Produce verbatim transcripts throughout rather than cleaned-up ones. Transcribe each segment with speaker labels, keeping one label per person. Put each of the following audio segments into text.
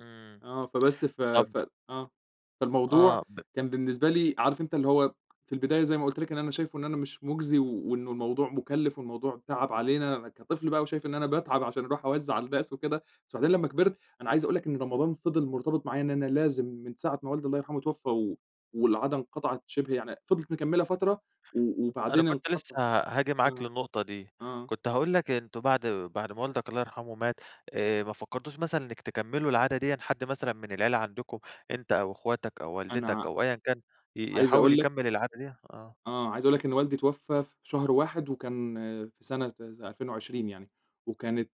Speaker 1: إمم.
Speaker 2: آه، فبس ف
Speaker 1: طَب
Speaker 2: ف آه، فالموضوع
Speaker 1: آه، ب
Speaker 2: كان بالنسبة لي، عارف أنت اللي هو في البداية زي ما قُلت لك إن أنا شايفه إن أنا مش مُجزي وإنّه الموضوع مُكلِّف والموضوع تعَب علينا، كطفل بقى وشايف إن أنا باتعَب عشان أرُوح أوزّع على الناس وكده، بس وبعدين لمّا كبِرت، أنا عايز أقول لك إن رمضان فضِل مرتبِط معايا إن أنا لازم من ساعة ما والدي الله يرحمه اتوفّى و والعادة انقطَعت شِبه يعني فضلِت مكمّلة فترة و
Speaker 1: أنا
Speaker 2: وبعدين
Speaker 1: كنت لسه
Speaker 2: انقطعِ
Speaker 1: هاجي معاك
Speaker 2: آه،
Speaker 1: للنقطة دي،
Speaker 2: آه.
Speaker 1: كنت هاقول لك أنتم بَعد بَعد ما والدك الله يرحمه مات، آآ ما فكّرتوش مثلًا إنك تكمّلوا العادة دِيًا، حد مثلًا من العيلة عَندكم أنت أو أخواتك أو والدتك
Speaker 2: أنا
Speaker 1: أو أيًا كان ي
Speaker 2: عايز
Speaker 1: يحاول
Speaker 2: أقول لك
Speaker 1: يكمّل العادة دِيّة؟ آه.
Speaker 2: آه، عايزة أقول لك إن والدي اتوفّى في شهر واحد وكان في سنة ألفين وعشرين يعني وكانت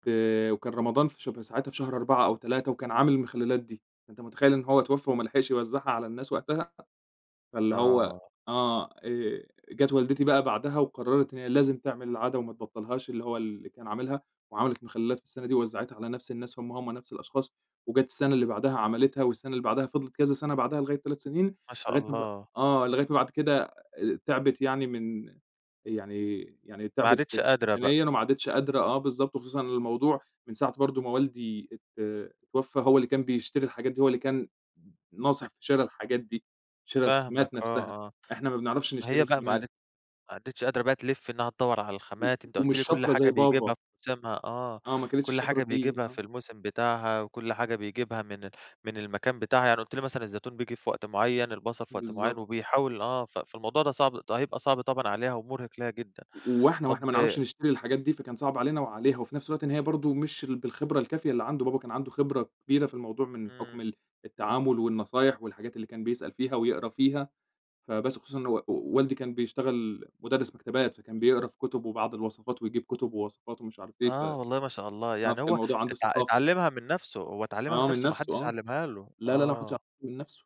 Speaker 2: وكان رمضان في شب ساعتها في شهر أربعة أو تلاتة وكان عامل المخلّلات دي، أنت متخيل إنه هو اتوفّى وما لحِقش يوزّعها على الناس وقتها؟ فاللي هو
Speaker 1: آه.
Speaker 2: آه آآ، جات والدتي بقى بَعدها وقرّرِت هي لازم تعمِل العادة وما تبطّلهاش، اللي هو اللي كان عامِلها وعملِت مخلّلات في السَّنة دي ووزّعِتها على نفْس الناس هُم، هُم نفْس الأشخاص وجات السَّنة اللي بَعدها عملِتها والسَّنة اللي بَعدها فضِلِت كذا سَنَة بَعدها لغاية تلات سنين،
Speaker 1: ما شاء
Speaker 2: لغاية ما ب
Speaker 1: الله!
Speaker 2: آه، لغاية ما بعد كده آآ تعِبِت يعني من يعني يعني
Speaker 1: ما
Speaker 2: تعِبِت
Speaker 1: عادِتش قادرة بقى.
Speaker 2: بدنيًا وما عادتش قادرة، آه بالضبط، وخصوصًا الموضوع من ساعة برضه ما والدي ات اتوفّى، هو اللي كان بيشتري الحاجات دي، هو اللي كان ن ناصح في شِرَى الحاجات دي، شِرَى
Speaker 1: فاهمك،
Speaker 2: الخامات نفْسها،
Speaker 1: آه، آه.
Speaker 2: إحنا ما بنعرَفش نشتري
Speaker 1: هي بقى ما
Speaker 2: الخامات.
Speaker 1: عادِت ما عادِتش قادرة بقى تلِف إنها تدوّر على
Speaker 2: و
Speaker 1: الخامات، أنت قُلت
Speaker 2: ومش
Speaker 1: لي كلّ
Speaker 2: شاطرة
Speaker 1: حاجة
Speaker 2: زي
Speaker 1: بيجيبها
Speaker 2: بابا.
Speaker 1: في موسِمها، آه،
Speaker 2: آه، ما كانتش
Speaker 1: كلّ
Speaker 2: شاطرة
Speaker 1: حاجة
Speaker 2: فيه،
Speaker 1: بيجيبها في
Speaker 2: آه.
Speaker 1: الموسم بتاعها، وكلّ حاجة بيجيبها من ال من المكان بتاعها، يعني قُلت لي مثلًا الزيتون بييجي في وقت معيّن، البصل في وقت معيّن
Speaker 2: بالضبط.
Speaker 1: وبيحاول آه، ف فالموضوع ده صعب ده هيبقى صعب طبعًا عليها ومرهِق لها جدًا.
Speaker 2: و وإحنا
Speaker 1: طَب
Speaker 2: وإحنا ما نعرَفش نشتري الحاجات دي، فكان صعب علينا وعليها، وفي نفْس الوقت إن هي برضه مش ال بالخِبرة الكافية اللي عَند بابا، كان عَنده خِبرة كبيرة في الموضوع من حُكم
Speaker 1: امم.
Speaker 2: ال التعامل والنصايح والحاجات اللي كان بيسأل فيها ويقرا فيها، فبس، خصوصًا إن و والدي كان بيشتغل مُدرِّس مَكتبات، فكان بيقرأ في كُتُب وبعض الوصفات ويجيب كُتُب ووصفات ومش عارف إيه، ف آه،
Speaker 1: آه، والله ما شاء الله،
Speaker 2: كان
Speaker 1: يعني هو
Speaker 2: الموضوع عَنده
Speaker 1: ات
Speaker 2: ثقافة.
Speaker 1: اتعلّمها من نفْسه، هو اتعلّمها من
Speaker 2: آه من
Speaker 1: نفْسه ما
Speaker 2: نفْسه
Speaker 1: حدّش
Speaker 2: آه،
Speaker 1: علّمها له؟
Speaker 2: لا، لا، لا، ما حدّش عل
Speaker 1: آه.
Speaker 2: من نفْسه.